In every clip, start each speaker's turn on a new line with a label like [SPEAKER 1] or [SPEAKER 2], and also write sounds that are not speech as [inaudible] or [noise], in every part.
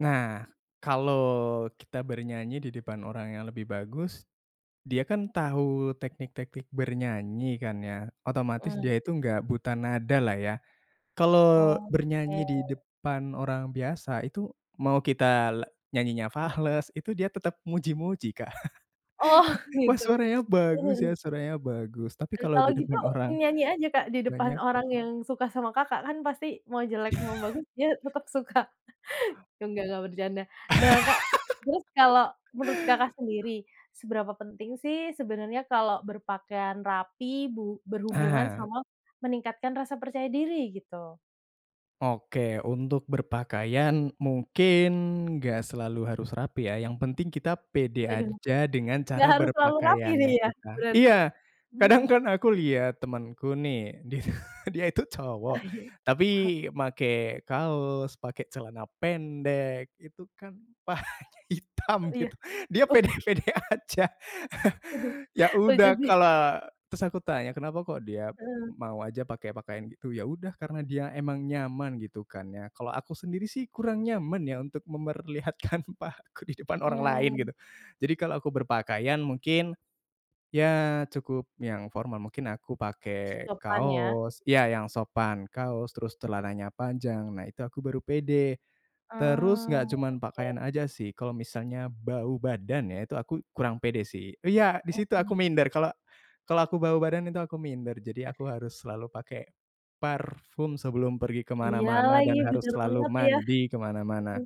[SPEAKER 1] Nah, kalo kita bernyanyi di depan orang yang lebih bagus, dia kan tahu teknik-teknik bernyanyi kan ya, otomatis
[SPEAKER 2] Eee
[SPEAKER 1] dia itu nggak buta nada lah ya. Kalo bernyanyi
[SPEAKER 2] Oke.
[SPEAKER 1] di depan orang biasa, itu mau kita la nyanyinya fales, itu dia tetep muji-muji, Kak.
[SPEAKER 2] Oh
[SPEAKER 1] [laughs] "Wah
[SPEAKER 2] gitu.
[SPEAKER 1] suaranya
[SPEAKER 2] Heeh
[SPEAKER 1] bagus ya,
[SPEAKER 2] heeh.
[SPEAKER 1] suaranya bagus," tapi kalo
[SPEAKER 2] Kalau
[SPEAKER 1] di
[SPEAKER 2] gitu
[SPEAKER 1] depan orang
[SPEAKER 2] nyanyi aja Kak di depan
[SPEAKER 1] banyak
[SPEAKER 2] orang yang suka sama Kakak, kan pasti mau jelek mau
[SPEAKER 1] [laughs]
[SPEAKER 2] bagus dia tetap suka. Nggak nggak bercanda. Nah Kak, terus kalau menurut Kakak
[SPEAKER 1] [laughs]
[SPEAKER 2] sendiri seberapa penting sih sebenarnya kalau berpakaian rapi bu berhubungan
[SPEAKER 1] Ah.
[SPEAKER 2] sama meningkatkan rasa percaya diri, gitu?
[SPEAKER 1] Oke, untuk berpakaian mungkin nggak selalu harus rapi ya, yang penting kita pede
[SPEAKER 2] Waduh,
[SPEAKER 1] aja dengan
[SPEAKER 2] nggak
[SPEAKER 1] cara
[SPEAKER 2] harus selalu rapi
[SPEAKER 1] berpakaiannya
[SPEAKER 2] nih ya,
[SPEAKER 1] kita
[SPEAKER 2] berarti?
[SPEAKER 1] iya, kadang
[SPEAKER 2] Mhm.
[SPEAKER 1] kan aku liat temanku nih, di dia itu
[SPEAKER 2] Ah
[SPEAKER 1] cowok,
[SPEAKER 2] iya,
[SPEAKER 1] tapi
[SPEAKER 2] he
[SPEAKER 1] make kaos, pake celana pendek, itu kan pahanya hitam
[SPEAKER 2] Iya,
[SPEAKER 1] gitu, dia
[SPEAKER 2] oh.
[SPEAKER 1] pede pede aja.
[SPEAKER 2] [chuckles]
[SPEAKER 1] [chuckles] Ya
[SPEAKER 2] Lucu
[SPEAKER 1] udah
[SPEAKER 2] sih.
[SPEAKER 1] kalo terus aku tanya kenapa kok dia
[SPEAKER 2] Heeh.
[SPEAKER 1] mau aja pake pakaian gitu, yaudah, karena dia emang nyaman gitu kan ya. Kalo aku sendiri sih kurang nyaman ya untuk memperlihatkan pahaku di depan orang lain, gitu.
[SPEAKER 2] Mmm.
[SPEAKER 1] Jadi kalo aku berpakaian, mungkin, ya cukup yang formal. Mungkin aku pake
[SPEAKER 2] Sopan ya.
[SPEAKER 1] kaos ya, yang sopan kaos, terus celananya panjang, nah itu aku baru pede. Terus nggak
[SPEAKER 2] Eee,
[SPEAKER 1] cuma
[SPEAKER 2] oke.
[SPEAKER 1] pakaian aja sih, kalo misalnya bau badan ya itu aku kurang pede sih iya, di situ aku
[SPEAKER 2] Oke.
[SPEAKER 1] minder, kalo kalo aku bau badan itu aku minder. Jadi aku harus selalu pake parfum sebelum pergi
[SPEAKER 2] Iya
[SPEAKER 1] kemana-mana
[SPEAKER 2] lagi,
[SPEAKER 1] dan harus
[SPEAKER 2] benar
[SPEAKER 1] selalu
[SPEAKER 2] banget ya.
[SPEAKER 1] mandi kemana-mana
[SPEAKER 2] Heeh.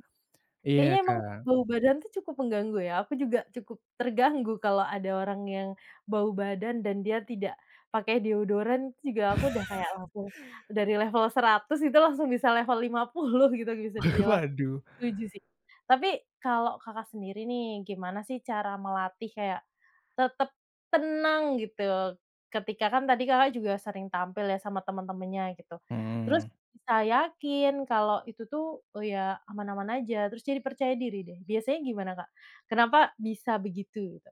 [SPEAKER 1] ya,
[SPEAKER 2] Kayaknya emang
[SPEAKER 1] Kak.
[SPEAKER 2] bau badan tuh cukup mengganggu ya, aku juga cukup terganggu kalau ada orang yang bau badan dan dia tidak pakai deodoran juga aku udah kayak langsung
[SPEAKER 1] [laughs]
[SPEAKER 2] dari level 100 itu langsung bisa level 50 gitu bisa dibilang,
[SPEAKER 1] Waduh.
[SPEAKER 2] setuju sih. Tapi, kalau Kakak sendiri nih, gimana sih cara melatih kayak tetep tenang gitu. Ketika kan tadi Kakak juga sering tampil ya sama teman-temannya, gitu. Terus
[SPEAKER 1] Mmm.
[SPEAKER 2] bisa yakin kalau itu tuh ya aman-aman aja. Terus jadi percaya diri deh. Biasanya gimana Kak, kenapa bisa begitu, Kak?